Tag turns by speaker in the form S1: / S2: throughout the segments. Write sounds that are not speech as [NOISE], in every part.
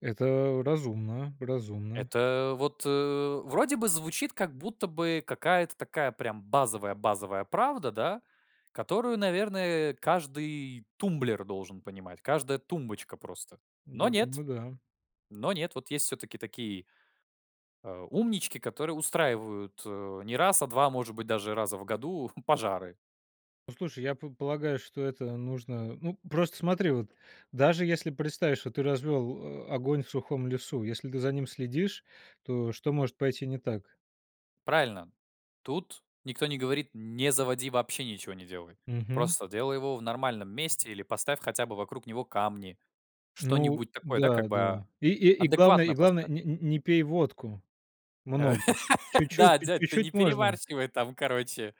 S1: Это разумно, разумно.
S2: Это вот, э, вроде бы звучит как будто бы какая-то такая прям базовая базовая правда, да, которую, наверное, каждый тумблер должен понимать, каждая тумбочка просто. Но
S1: Я
S2: нет.
S1: думаю, да.
S2: Но нет. Вот есть всё-таки такие э, умнички, которые устраивают, э, не раз, а 2 может быть, даже раза в году [CHUCKLES] пожары.
S1: Ну слушай, я п полагаю, что это нужно Ну, просто смотри, вот даже если представишь, что ты развел, а, огонь в сухом лесу, если ты за ним следишь, то что может пойти не так?
S2: Правильно. Тут никто не говорит: не заводи, вообще ничего не делай.
S1: Мгм.
S2: Просто делай его в нормальном месте или поставь хотя бы вокруг него камни.
S1: Ну
S2: Что-нибудь такое, да,
S1: да,
S2: как бы.
S1: да и и и главное
S2: Адекватно
S1: и главное
S2: поставь.
S1: нь нь не пей водку,
S2: [LAUGHS] Э.
S1: много, чуть-чуть
S2: Да,
S1: пь
S2: дядь, ты не
S1: чуть-чуть можно.
S2: перебарщивай там, короче.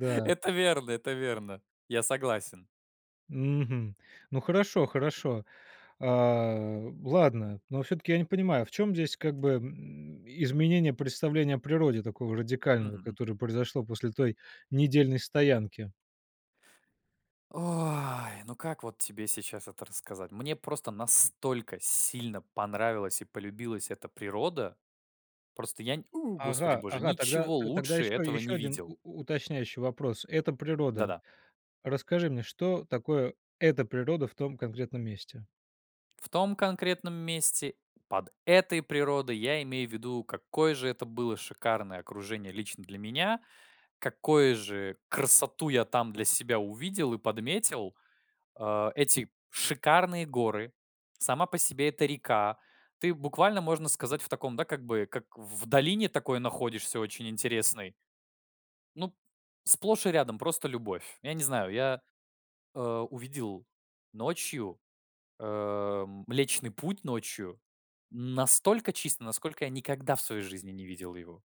S2: [LAUGHS] Это верно, это верно. Я согласен.
S1: Мгм. Ну хорошо, хорошо. А, ладно, но всё-таки я не понимаю, в чём здесь как бы, м, изменение представления о природе такого
S2: Мгм,
S1: радикального,
S2: мгм.
S1: которое произошло после той недельной стоянки?
S2: Ой! Ну как вот тебе сейчас это рассказать? Мне просто настолько сильно понравилась и полюбилась эта природа! Просто я нь [WHOOPS] у, господи
S1: Ага,
S2: боже,
S1: ага, тогда
S2: ничего
S1: то тогда
S2: лучше
S1: ещё
S2: этого
S1: еще
S2: не
S1: 1
S2: видел.
S1: у уточняющий вопрос. Это природа.
S2: Да-да.
S1: Расскажи мне, что такое эта природа в том конкретном месте?
S2: В том конкретном месте, под этой природой, я имею в виду, какое же это было шикарное окружение лично для меня, какое же красоту я там для себя увидел и подметил. А. Эти шикарные горы, сама по себе эта река. Ты буквально, можно сказать, в таком, да, как бы как в долине такой находишься очень интересной. Ну п сплошь и рядом просто любовь. Я не знаю, я, а, увидел ночью, эм, Млечный Путь ночью настолько чисто, насколько я никогда в своей жизни не видел его.